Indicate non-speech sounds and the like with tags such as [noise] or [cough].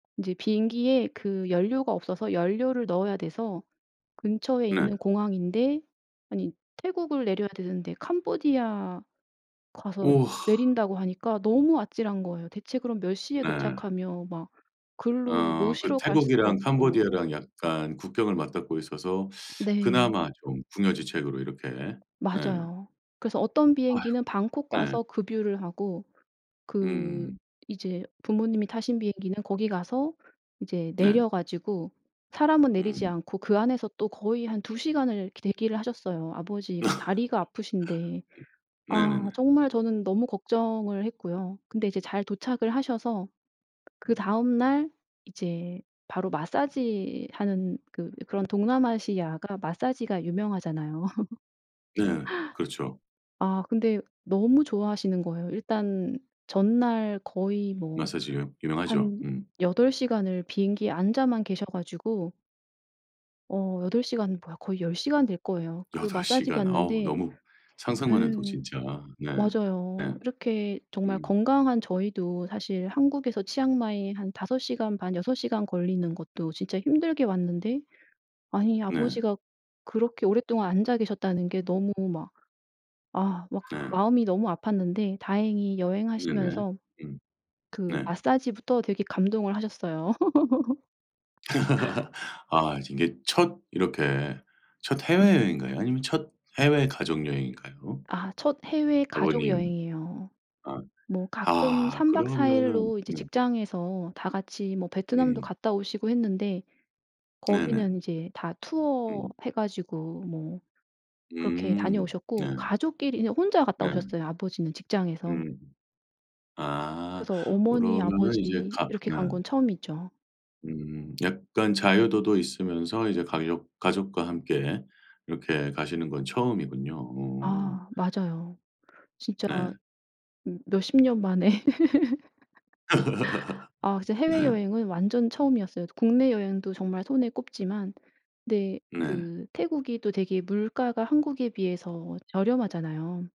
이제 비행기에 그 연료가 없어서 연료를 넣어야 돼서 근처에 네. 있는 공항인데 아니 태국을 내려야 되는데 캄보디아 가서 우와. 내린다고 하니까 너무 아찔한 거예요. 대체 그럼 몇 시에 네. 도착하면 막 거기로 어 그 모시러 갈 수도 태국이랑 없고. 캄보디아랑 약간 국경을 맞닿고 있어서 네. 그나마 좀 궁여지책으로 이렇게. 네. 맞아요. 그래서 어떤 아이고 비행기는 방콕 네. 가서 급유를 하고 그 음. 이제 부모님이 타신 비행기는 거기 가서 이제 네. 내려 가지고 사람은 내리지 음. 않고 그 안에서 또 거의 한 2 시간을 이렇게 대기를 하셨어요. 아 아버지가 [laughs] 다리가 아프신데. 아 네네네. 정말 저는 너무 걱정을 했고요. 근데 이제 잘 도착을 하셔서 그 다음 날 이제 바로 마사지하는 그 그런 동남아시아가 마사지가 유명하잖아요. 네 그렇죠. [laughs] 아 근데 너무 좋아하시는 거예요. 일단 전날 거의 뭐 마사지요. 유명하죠. 한 음. 8 시간을 비행기에 앉아만 계셔 가지고 어 8 시간 뭐야 거의 10 시간 될 거예요. 그 8 마사지 시간. 어 받는데 너무 예 상상만 해도 진짜. 네. 예. 맞아요. 이렇게 정말 음. 건강한 저희도 사실 한국에서 치앙마이 한 5 시간 반 6 시간 걸리는 것도 진짜 힘들게 왔는데 아니 네. 아버지가 그렇게 오랫동안 앉아 계셨다는 게 너무 막 아 막 네. 마음이 너무 아팠는데 다행히 네네. 여행하시면서 음. 그 네. 마사지부터 되게 감동을 하셨어요. [laughs] [laughs] 아 이제 이게 첫 이렇게 첫 해외여행인가요 아니면 첫 해외 가족여행인가요? 아 첫 해외 아버님 가족여행이에요. 아 뭐 가끔 아 3 박 4 그러면은 일로 이제 네. 직장에서 다 같이 뭐 베트남도 음. 갔다 오시고 했는데 네네. 거기는 이제 다 투어 음. 해 가지고 뭐 그렇게 음. 네. 다녀오셨고 가족끼리는 혼자 갔다 네. 오셨어요, 아버지는 직장에서. 음. 아 그래서 어머니 그러면은 이제 아버지 가 이렇게 네. 간 건 처음이죠. 음 약간 자유도도 있으면서 이제 가족 가족과 함께 이렇게 가시는 건 처음이군요. 어. 아 맞아요. 진짜 네. 음 몇십 년 만에. [laughs] [laughs] 아 진짜 네. 해외여행은 완전 처음이었어요. 국내 여행도 정말 손에 꼽지만 근데 네. 그 태국이 또 되게 물가가 한국에 비해서 저렴하잖아요.